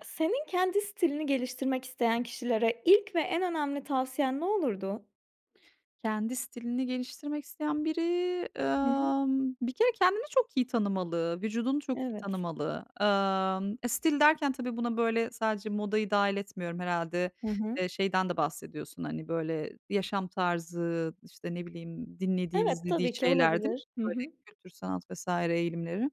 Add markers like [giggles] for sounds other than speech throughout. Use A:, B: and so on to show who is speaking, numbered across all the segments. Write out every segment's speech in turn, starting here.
A: E, senin kendi stilini geliştirmek isteyen kişilere ilk ve en önemli tavsiyen ne olurdu?
B: Kendi stilini geliştirmek isteyen biri,
A: Hı hı.
B: ımm, bir kere kendini çok iyi tanımalı, vücudunu çok iyi
A: Evet.
B: tanımalı. Imm, e, stil derken tabii buna böyle sadece modayı dahil etmiyorum. Herhâlde,
A: Hı hı.
B: eee, şeyden de bahsediyorsun, hani, böyle yaşam tarzı, işte, ne bileyim, dinlediği,
A: Evet,
B: izlediği
A: tabii ki
B: şeyler, değil mi?
A: olabilir. Hı
B: Böyle
A: hı.
B: kültür, sanat vs. eğilimleri.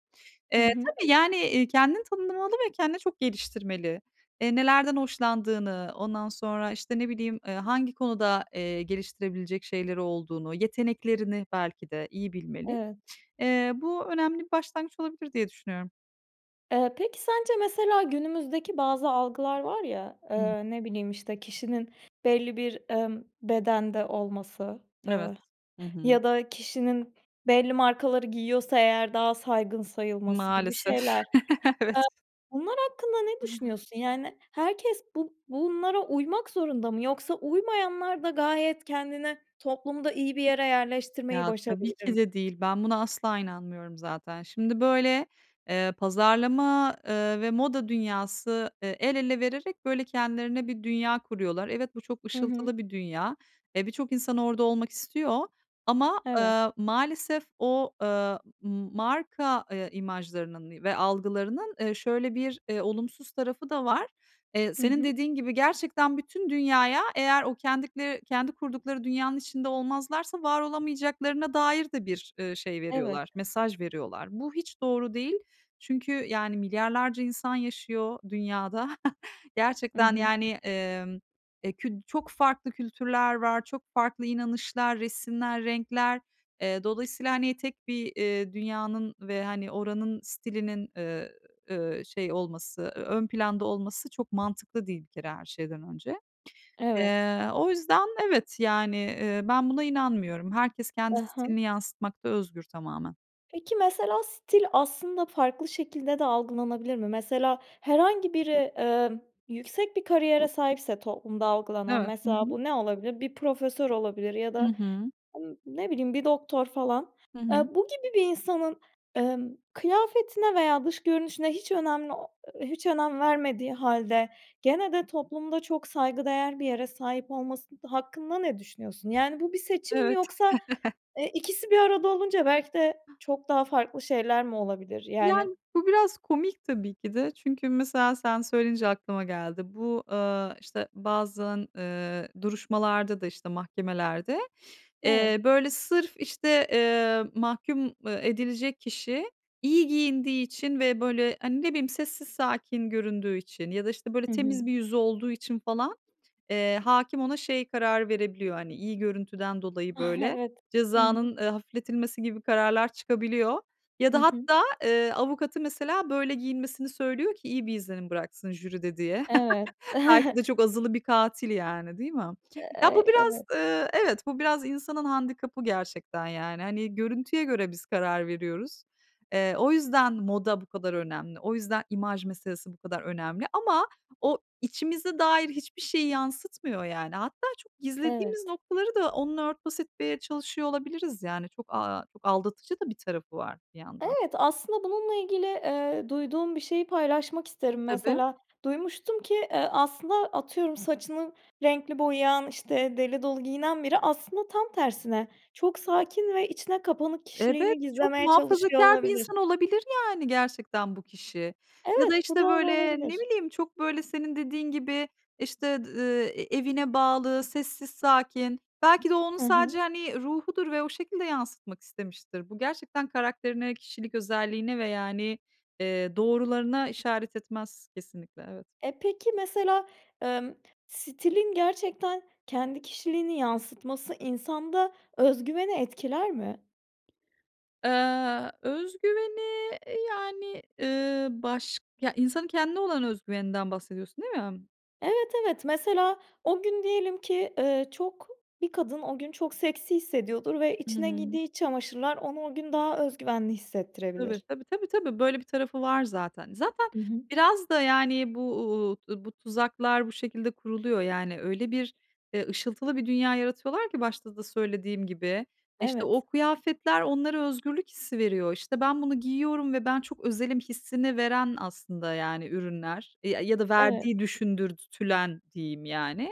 A: Hı
B: Eee,
A: hı.
B: tabii, yani, iii, kendini tanımlamalı ve kendine çok geliştirmeli. Eee, nelerden hoşlandığını, ondan sonra, işte, ne bileyim, ııı, hangi konuda, eee, geliştirebilecek şeyleri olduğunu, yeteneklerini belki de iyi bilmeli.
A: Evet.
B: Eee, bu önemli bir başlangıç olabilir diye düşünüyorum.
A: Eee, peki, sence, mesela, günümüzdeki bazı algılar var ya,
B: Ih.
A: eee, ne bileyim, işte, kişinin belli bir, ımm, bedende olması,
B: Evet.
A: ııı,
B: Hı hı.
A: ya da kişinin, belli markaları giyiyorsa eğer daha saygın sayılması gibi
B: Maalesef
A: şeyler. Eee,
B: [chuckles] evet.
A: bunlar hakkında ne
B: [unintelligible]
A: düşünüyorsun? Yani, herkes bu bunlara uymak zorunda mı, yoksa uymayanlar da gayet kendine toplumda iyi bir yere yerleştirmeyi
B: Ya, tabii
A: başarabilir
B: ki
A: mi?
B: de değil. Ben buna asla inanmıyorum zaten. Şimdi, böyle, eee, pazarlama, eee, ve moda dünyası, eee, el ele vererek böyle kendilerine bir dünya kuruyorlar. Evet, bu çok
A: Hı hı.
B: ışıltılı bir dünya. Eee, birçok insan orada olmak istiyor ama,
A: Eve
B: eee, maalesef o, eee, m marka, eee, imajlarının i ve algılarının, eee, şöyle bir, eee, olumsuz tarafı da var. Eee,
A: Hı
B: senin
A: hı.
B: dediğin gibi, gerçekten bütün dünyaya, eğer o kendikle kendi kurdukları dünyanın içinde olmazlarsa var olamayacaklarına dair de bir, ııı, şey
A: Evet.
B: veriyorlar, mesaj veriyorlar. Bu hiç doğru değil. Çünkü, yani, milyarlarca insan yaşıyor dünyada.
A: Hı
B: Gerçekten,
A: hı.
B: yani, emm, e kü çok farklı kültürler var, çok farklı inanışlar, resimler, renkler. Eee, dolayısıyla, hani, tek bir, eee, dünyanın ve, hani, oranın stilinin, eee, şey olması, eee, ön planda olması çok mantıklı değil, bir kere, her şeyden önce.
A: Evet.
B: Eee, o yüzden, evet, yani, eee, ben buna inanmıyorum. Herkes kendi
A: Aha.
B: stilini yansıtmakta özgür, tamamen.
A: Peki, mesela, stil aslında farklı şekilde de algılanabilir mi? Mesela, herhangi biri, eee, yüksek bir kariyere sahipse toplumda algılanan
B: Evet, hı
A: mesela
B: hı.
A: bu ne olabilir: Bir profesör olabilir ya
B: Hı
A: da,
B: hı.
A: ın ne bileyim, bir doktor falan.
B: Hı hı.
A: Eee, bu gibi bir insanın, emm, kıyafetine veya dış görünüşüne hiç önemli o hiç önem vermediği halde, gene de toplumda çok saygıdeğer bir yere sahip olması hakkında ne düşünüyorsun? Yani, bu bir seçim mi
B: Evet.
A: yoksa,
B: [chuckles]
A: eee, ikisi bir arada olunca belki de çok daha farklı şeyler mi olabilir yani?
B: Yani bu biraz komik tabii ki de. Çünkü mesela sen söyleyince aklıma geldi. Bu, aaa, işte, bazen, eee, duruşmalarda da, işte, mahkemelerde,
A: Evet.
B: eee, böyle sırf işte, eee, mahkûm, eee, edilecek kişi, iyi giyindiği için ve böyle, hani, ne bileyim, sessiz, sakin göründüğü için ya da, işte, böyle
A: Hı hı.
B: temiz bir yüzü olduğu için falan, eee, hâkim ona şey karar verebiliyor, hani, iyi görüntüden dolayı
A: Ah,
B: böyle,
A: evet. Hı hı.
B: cezanın, eee, hafifletilmesi gibi kararlar çıkabiliyor. Ya
A: Hı
B: da
A: hı.
B: hatta, eee, avukatı mesela böyle giyinmesini söylüyor ki iyi bir izlenim bıraksın jüride diye.
A: Evet.
B: [chuckles] Belki de
A: [giggles]
B: çok azılı bir katil yani, değil mi?
A: E
B: Ya, bu
A: e
B: biraz,
A: evet.
B: eee, evet bu biraz insanın handikabı gerçekten yani. Hani görüntüye göre biz karar veriyoruz. Eee, o yüzden moda bu kadar önemli. O yüzden, imaj meselesi bu kadar önemli ama o içimize dair hiçbir şeyi yansıtmıyor yani. Hatta, çok
A: Evet.
B: gizlediğimiz noktaları da onunla örtbas etmeye çalışıyor olabiliriz yani çok, aaa, çok aldatıcı da bir tarafı var bir yandan.
A: Evet, aslında bununla ilgili, eee, duyduğum bir şeyi paylaşmak isterim.
B: Tabii.
A: Mesela duymuştum ki, eee, aslında atıyorum saçını renkli boyayan, işte, deli dolu giyinen biri aslında tam tersine; çok sakin ve içine kapanık
B: Evet,
A: kişiliğini
B: çok
A: gizlemeye çalışıyor
B: muhafazakâr bir
A: olabilir.
B: insan olabilir yani gerçekten bu kişi. Ya da
A: Evet, bu
B: işte
A: doğru
B: böyle, ne
A: olabilir.
B: bileyim, çok böyle, senin dediğin gibi işte, d eee, e evine bağlı, sessiz, sakin. Belki de onun
A: Hı
B: sadece
A: hı.
B: hani ruhudur ve o şekilde yansıtmak istemiştir. Bu gerçekten karakterine, kişilik özelliğine ve yani, eee, doğrularına işaret etmez kesinlikle evet.
A: Eee, peki, mesela, emm, stilin gerçekten kendi kişiliğini yansıtması insanda özgüveni etkiler mi?
B: Eee, öz güveni, e, yani, ııı, başk ya, insanın kendine olan öz güveninden bahsediyorsun, değil mi?
A: Evet, evet, mesela o gün diyelim ki, eee, çok, bir kadın o gün çok seksi hissediyordur ve
B: Hı
A: içine
B: hı.
A: giydiği iç çamaşırlar onu o gün daha öz güvenli
B: Tabii,
A: hissettirebilir.
B: tabii, tabii, tabii. Böyle bir tarafı var zaten. Zaten
A: Hı hı.
B: biraz da, yani bu, uuu, bu tuzaklar bu şekilde kuruluyor, yani, öyle bir, eee, ışıltılı bir dünya yaratıyorlar ki başta da söylediğim gibi, eee, işte, o
A: Evet.
B: kıyafetler onlara özgürlük hissi veriyor. İşte, ben bunu giyiyorum ve ben çok özelim hissini veren aslında, yani, ürünler, eee, ya ya da
A: Evet.
B: verdiği düşündürtülen diyeyim, yani.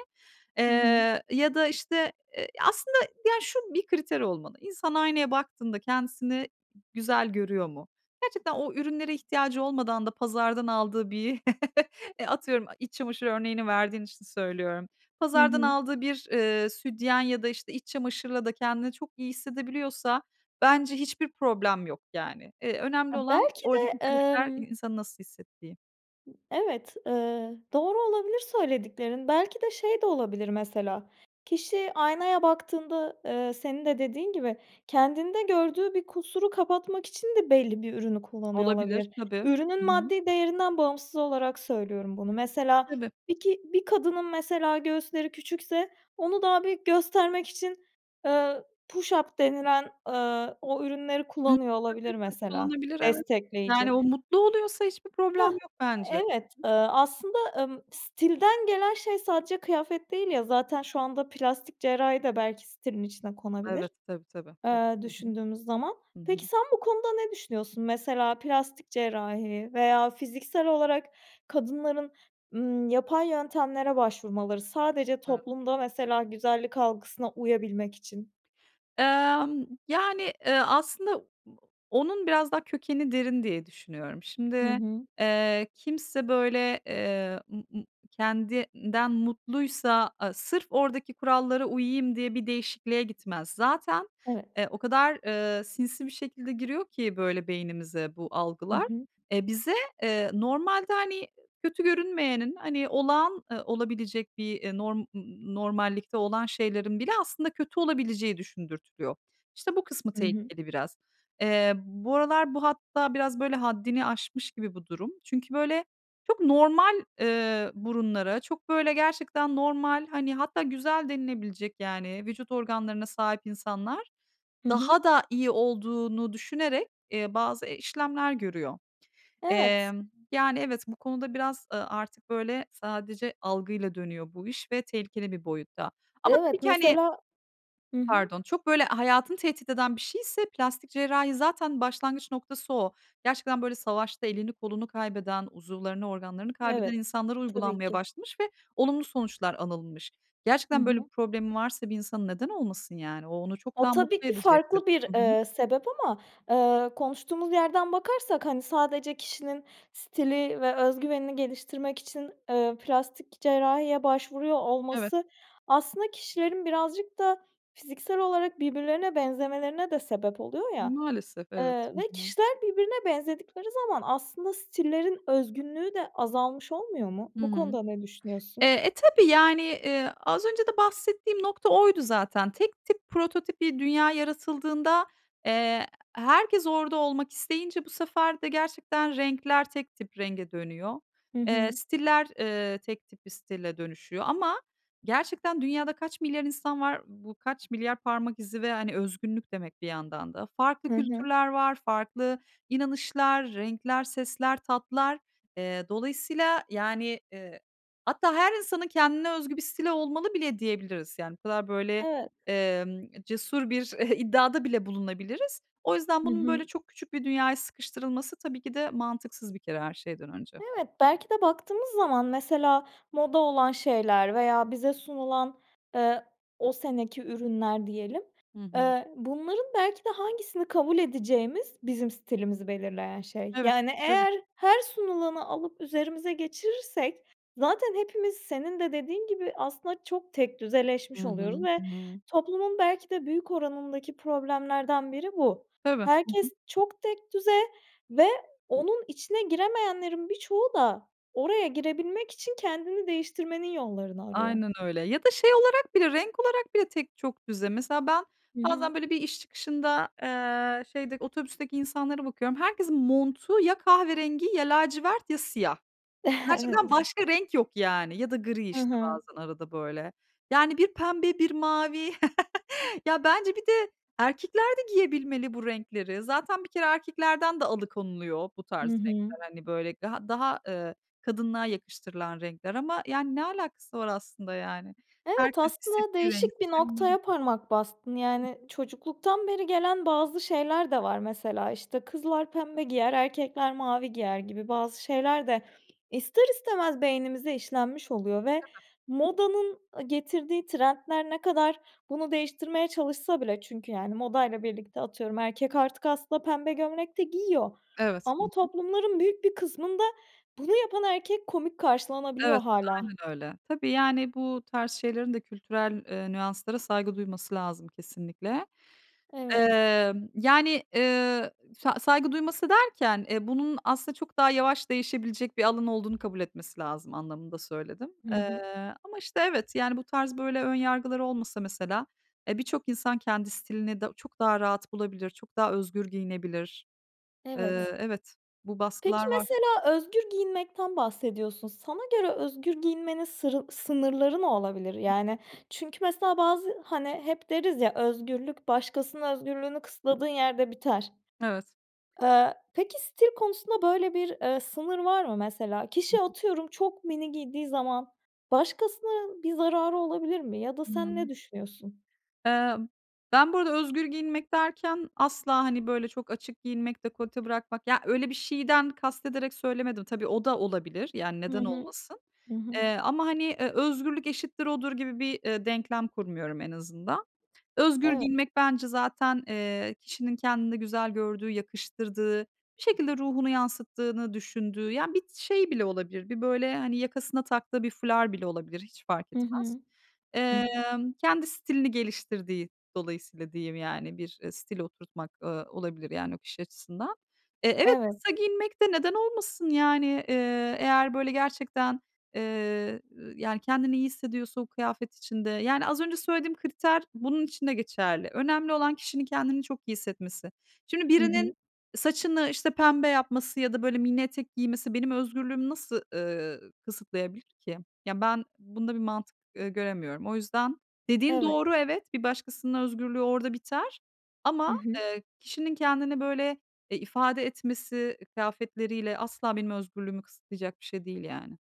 A: Hı hı.
B: Eee, ya da, işte, eee, aslında, yani, şu bir kriter olmalı, insan aynaya baktığında kendisini güzel görüyor mu? Gerçekten o ürünlere ihtiyacı olmadan da pazardan aldığı bir, [chuckles] eee, atıyorum e iç çamaşır örneğini verdiğin için söylüyorum.
A: Hı
B: Pazardan
A: hı.
B: aldığı bir, eee, sütyen ya da, işte, iç çamaşırla da kendini çok iyi hissedebiliyorsa bence hiçbir problem yok, yani. Eee, önemli
A: Ya,
B: olan
A: belki
B: oradaki
A: de,
B: kriter i
A: emm
B: insanın nasıl hissettiği.
A: Evet, ııı, doğru olabilir söylediklerin. Belki de şey de olabilir mesela kişi aynaya baktığında, eee, senin de dediğin gibi kendinde gördüğü bir kusuru kapatmak için de belli bir ürünü kullanıyor
B: Olabilir,
A: olabilir.
B: tabii. Hı
A: Ürünün
B: hı.
A: maddi değerinden bağımsız olarak söylüyorum bunu. Mesela
B: Tabii.
A: bir ki bir kadının mesela göğüsleri küçükse onu daha büyük göstermek için, eee, push up denilen, eee, o ürünleri
B: Hıı,
A: kullanıyor
B: tabii,
A: olabilir
B: tabii
A: mesela
B: [unintelligible] evet. Yani,
A: destekleyici.
B: o mutlu oluyorsa hiçbir problem
A: Hıh.
B: yok bence. Hı
A: Evet,
B: hı.
A: ııı, aslında, ımm, stilden gelen şey sadece kıyafet değil ya! Zaten şu anda plastik cerrahi de belki stilin içine
B: Evet,
A: konabilir,
B: tabii, tabii, tabii,
A: eee,
B: hı hı.
A: düşündüğümüz zaman.
B: Hı hı.
A: Peki sen bu konuda ne düşünüyorsun? Mesela plastik cerrahi veya fiziksel olarak kadınların, ımm, yapay yöntemlere başvurmaları, sadece
B: [unintelligible]
A: toplumda mesela güzellik algısına uyabilmek için.
B: Emm, yani, eee, aslında onun biraz daha kökeni derin diye düşünüyorum.
A: Hı
B: Şimdi,
A: hı.
B: eee, kimse böyle, eee, ımm ımm, kendinden mutluysa a sırf oradaki kurallara uyuyayım diye bir değişikliğe gitmez. Zaten,
A: Evet.
B: eee, o kadar, eee, sinsi bir şekilde giriyor ki böyle beynimize bu
A: Hı
B: algılar,
A: hı.
B: eee, bize, eee, normalde, hani, kötü görünmeyenin, hani, olağan, ııı, olabilecek bir, ııı, norm ımm ımm, normallikte olan şeylerin bile aslında kötü olabileceği düşündürtülüyor. İşte bu kısmı
A: I hı.
B: tehlikeli biraz. Eee, bu aralar bu hatta biraz böyle haddini aşmış gibi bu durum. Çünkü böyle çok normal, eee, burunlara, çok böyle gerçekten normal, hani, hatta güzel denilebilecek, yani, vücut organlarına sahip insanlar
A: Hı hı.
B: daha da iyi olduğunu düşünerek, eee, bazı, eee, işlemler görüyor.
A: Evet.
B: Emm, yani, evet, bu konuda biraz, ııı, artık böyle sadece algıyla dönüyor bu iş ve tehlikeli bir boyutta. Ama
A: Evet,
B: tabii ki, hani
A: mesela Hı hı.
B: pardon, çok böyle hayatını tehdit eden bir şeyse, plastik cerrahi zaten başlangıç noktası o. Gerçekten böyle savaşta elini kolunu kaybeden, uzuvlarını organlarını kaybeden
A: Evet.
B: insanlara
A: Tabii
B: uygulanmaya
A: ki.
B: başlamış ve olumlu sonuçlar anılmış.
A: Hı
B: Gerçekten böyle bir
A: hı.
B: problemi varsa bir insanın neden olmasın yani? O onu çok
A: O
B: daha
A: tabii
B: mutlu
A: ki
B: edecektir.
A: farklı bir,
B: Hı hı.
A: eee, sebep ama, eee, konuştuğumuz yerden bakarsak, hani, sadece kişinin stili ve öz güvenini geliştirmek için, eee, plastik cerrahiye başvuruyor
B: Evet.
A: olması aslında kişilerin birazcık da fiziksel olarak birbirlerine benzemelerine de sebep oluyor ya.
B: Maalesef, evet.
A: Eee,
B: Hı
A: ve
B: hı.
A: kişiler birbirine benzedikleri zaman aslında stillerin özgünlüğü de azalmış olmuyor mu?
B: Hı
A: Bu
B: hı.
A: konuda ne
B: Eee,
A: düşünüyorsun?
B: e, tabii, yani, eee, az önce de bahsettiğim nokta oydu zaten. Tek tip prototip bir dünya yaratıldığında, eee, herkes orada olmak isteyince bu sefer de gerçekten renkler tek tip renge dönüyor.
A: Hı
B: Eee,
A: hı.
B: stiller, eee, tek tip bir stile dönüşüyor ama gerçekten dünyada kaç milyar insan var, bu kaç milyar parmak izi ve, hani, özgünlük demek bir yandan da. Farklı
A: Hı hı.
B: kültürler var, farklı inanışlar, renkler, sesler, tatlar. Eee, dolayısıyla yani, eee, hatta her insanın kendine özgü bir stili olmalı bile diyebiliriz. Yani bu kadar böyle,
A: Evet.
B: emm, cesur bir iddiada bile bulunabiliriz. O yüzden
A: Hı
B: bunun böyle
A: hı.
B: çok küçük bir dünyaya sıkıştırılması tabii ki de mantıksız bir kere her şeyden önce.
A: Evet, belki de baktığımız zaman mesela moda olan şeyler veya bize sunulan, eee, o seneki ürünler diyelim,
B: Hı hı.
A: eee, bunların belki de hangisini kabul edeceğimiz bizim stilimizi belirleyen şey.
B: Evet.
A: Yani
B: Tabii.
A: eğer her sunulanı alıp üzerimize geçirirsek zaten hepimiz senin de dediğin gibi aslında çok
B: Hı
A: tekdüzeleşmiş
B: hı.
A: oluyoruz ve
B: Iıı.
A: toplumun belki de büyük oranındaki problemlerden biri bu.
B: Tabii, hı hı.
A: Herkes çok tekdüze ve onun içine giremeyenlerin birçoğu da oraya girebilmek için kendini değiştirmenin yollarını arıyor.
B: Aynen öyle. Ya da şey olarak bile renk olarak bile tek çok düze mesela ben
A: Hı hı.
B: bazen böyle bir iş çıkışında, eee, şeyde otobüsteki insanlara bakıyorum. Herkesin montu ya kahverengi ya lacivert ya siyah. Gerçekten
A: [chuckles] Evet.
B: başka renk yok, yani. Ya da gri,
A: Hı
B: işte,
A: hı.
B: bazen arada böyle. Yani, bir pembe, bir mavi. [chuckles] Ya, bence bir de erkekler de giyebilmeli bu renkleri. Zaten bir kere erkeklerden de alıkonuluyor bu tarz
A: Hı hı.
B: renkler, hani, böyle gaha daha, ııı, kadınlığa yakıştırılan renkler ama, yani, ne alakası var aslında yani?
A: Evet,
B: Herkes
A: aslında
B: istediği rengi
A: değişik bir
B: seçebilmeli.
A: noktaya parmak bastın.
B: Hı
A: Yani,
B: hı.
A: çocukluktan beri gelen bazı şeyler de var mesela. İşte, kızlar pembe giyer, erkekler mavi giyer gibi bazı şeyler de ister istemez beynimize işlenmiş oluyor ve
B: Tabii.
A: modanın ı getirdiği trendler ne kadar bunu değiştirmeye çalışsa bile çünkü yani modayla birlikte, atıyorum, erkek artık aslında pembe gömlek de giyiyor.
B: Evet. Hı
A: Ama
B: hı.
A: toplumların büyük bir kısmında bunu yapan erkek komik
B: Evet,
A: karşılanabiliyor hâlâ.
B: aynen öyle. Tabii, yani, bu tarz şeylerin de kültürel, eee, nüanslara saygı duyması lazım kesinlikle.
A: Evet.
B: Emm, yani, eee, sa saygı duyması derken, eee, bunun aslında çok daha yavaş değişebilecek bir alan olduğunu kabul etmesi lazım anlamında söyledim.
A: Hı hı.
B: Eee, ama, işte, evet, yani, bu tarz böyle ön yargılar olmasa mesela, eee, birçok insan kendi stilini da çok daha rahat bulabilir, çok daha özgür giyinebilir.
A: Evet.
B: Eee, evet, bu
A: Peki
B: baskılar var.
A: mesela özgür giyinmekten bahsediyorsun. Sana göre özgür giyinmenin sırı sınırları ne olabilir?
B: Hı.
A: Yani, çünkü, mesela, bazı, hani, hep deriz ya özgürlük başkasının özgürlüğünü kısıtladığın yerde biter.
B: Evet.
A: Eee, peki stil konusunda böyle bir, eee, sınır var mı mesela?
B: Hı
A: Kişi
B: hı.
A: atıyorum çok mini giydiği zaman, başkasına bir zararı olabilir mi? Ya da sen
B: Hımm.
A: ne düşünüyorsun?
B: Eee, ben bu arada özgür giyinmek derken, asla, hani, böyle çok açık giyinmek, dekolte bırakmak, ya, öyle bir şeyden kastederek söylemedim. Tabii o da olabilir, yani,
A: Hı
B: neden
A: hı.
B: olmasın.
A: Hı hı.
B: Eee, ama, hani, eee, özgürlük eşittir odur gibi bir, ııı, denklem kurmuyorum en azından. Özgür
A: Evet.
B: giyinmek bence zaten, eee, kişinin kendinde güzel gördüğü, yakıştırdığı, bir şekilde ruhunu yansıttığını düşündüğü, yani, bir şey bile olabilir, bir böyle, hani, yakasına taktığı bir fular bile olabilir hiç fark
A: Hı
B: etmez.
A: hı. Hı hı.
B: Emm, kendi stilini geliştirdiği dolayısıyla diyeyim yani bir, eee, stil oturtmak, ııı, olabilir, yani, o kişi açısından. Eee, evet,
A: Evet.
B: kısa giyinmek de neden olmasın yani, eee, eğer böyle gerçekten, eee, yani, kendini iyi hissediyorsa o kıyafet içinde, yani, az önce söylediğim kriter bunun için de geçerli. Önemli olan kişinin kendini çok iyi hissetmesi. Şimdi
A: Hı hı.
B: birinin saçını, işte, pembe yapması ya da böyle mini etek giymesi benim özgürlüğümü nasıl, ııı, kısıtlayabilir ki? Yani ben bunda bir mantık, eee, göremiyorum. O yüzden dediğin
A: Evet.
B: doğru evet, bir başkasının özgürlüğü orada biter
A: Hı
B: ama,
A: hı.
B: eee, kişinin kendini böyle, eee, ifade etmesi, e kıyafetleriyle asla benim özgürlüğümü kısıtlayacak bir şey değil yani.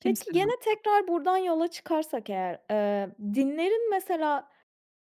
A: Peki
B: Kimsenin
A: gene
B: hatta.
A: tekrar buradan yola çıkarsak eğer, eee, dinlerin mesela,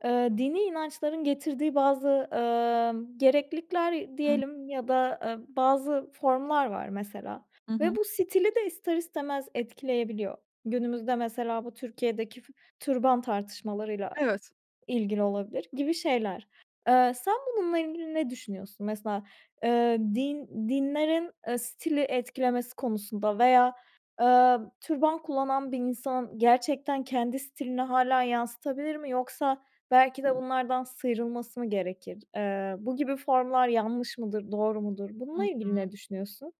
A: eee, dini inançların getirdiği bazı, ımm, gereklilikler
B: Hı.
A: diyelim ya da, ııı, bazı formlar var mesela
B: Hı
A: ve
B: hı.
A: bu stili de ister istemez etkileyebiliyor. Günümüzde mesela bu Türkiye'deki f türban tartışmalarıyla
B: Evet.
A: ilgili olabilir gibi şeyler. Eee, sen bununla ilgili ne düşünüyorsun? Mesela, eee, din dinlerin, eee, stili etkilemesi konusunda veya, eee, türban kullanan bir insan gerçekten kendi stilini hâlâ yansıtabilir mi yoksa belki de bunlardan sıyrılması mı gerekir? Eee, bu gibi formlar yanlış mıdır, doğru mudur?
B: Hı
A: Bununla
B: hı.
A: ilgili ne düşünüyorsun?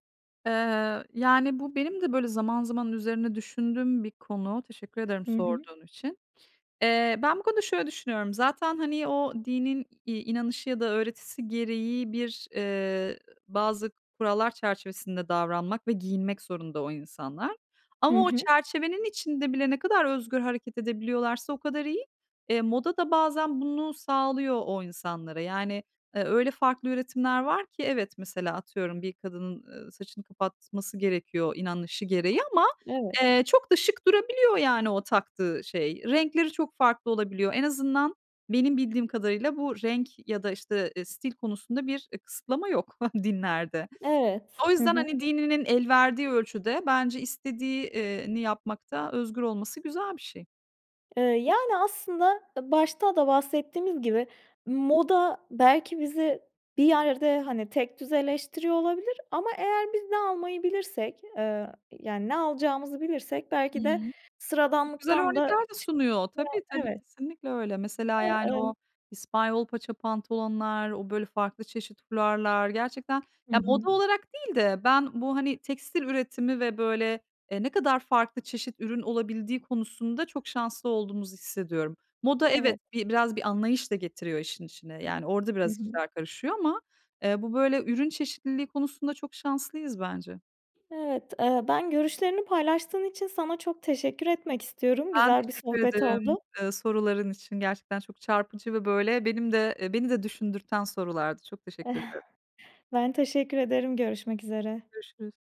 B: Eee, yani, bu benim de böyle zaman zaman üzerine düşündüğüm bir konu. Teşekkür ederim
A: Hı hı.
B: sorduğun için. Eee, ben bu konuda şöyle düşünüyorum zaten, hani, o dinin, iii, inanışı ya da öğretisi gereği bir, eee, bazı kurallar çerçevesinde davranmak ve giyinmek zorunda o insanlar.
A: Hı
B: Ama o
A: hı.
B: çerçevenin içinde bile ne kadar özgür hareket edebiliyorlarsa o kadar iyi. Eee, moda da bazen bunu sağlıyor o insanlara. Yani, e, öyle farklı üretimler var ki evet mesela atıyorum bir kadının, ııı, saçını kapatması gerekiyor, inanışı gereği ama,
A: Evet.
B: eee, çok da şık durabiliyor, yani, o taktığı şey. Renkleri çok farklı olabiliyor. En azından, benim bildiğim kadarıyla bu renk ya da işte, ııı, stil konusunda bir, ııı, kısıtlama yok [giggles] dinlerde.
A: Evet.
B: O
A: Hı
B: yüzden
A: hı.
B: hani, dininin elverdiği ölçüde bence istediği, iii, ni yapmakta özgür olması güzel bir şey.
A: Iıı, yani, aslında, ııı, başta da bahsettiğimiz gibi moda belki bizi bir yerde, hani, tekdüzeleştiriyor olabilir ama eğer biz ne almayı bilirsek, eee, yani, ne alacağımızı bilirsek, belki de
B: Hımm. Çok güzel
A: sıradanlıktan da
B: örnekler de
A: çık
B: sunuyor. Tabii
A: [unintelligible]
B: tabii.
A: Evet.
B: Kesinlikle öyle. Mesela yani o
A: [unintelligible]
B: İspanyol paça pantolonlar, o böyle farklı çeşit fularlar gerçekten
A: Hı
B: ya,
A: hı.
B: moda olarak değil de, ben bu, hani, tekstil üretimi ve böyle, eee, ne kadar farklı çeşit ürün olabildiği konusunda çok şanslı olduğumuzu hissediyorum. Moda, evet
A: Evet.
B: bi biraz bir anlayış da getiriyor işin içine. Yani, orada
A: Hı
B: biraz
A: hı.
B: işler karışıyor ama, eee, bu böyle ürün çeşitliliği konusunda çok şanslıyız bence.
A: Evet. Eee, ben görüşlerini paylaştığın için sana çok teşekkür etmek istiyorum.
B: Ben
A: Güzel bir
B: teşekkür
A: sohbet
B: ederim,
A: oldu.
B: eee, soruların için. Gerçekten çok çarpıcı ve böyle benim de, eee, beni de düşündürten sorulardı. Çok teşekkür ederim.
A: Ben teşekkür ederim. Görüşmek üzere.
B: Görüşürüz.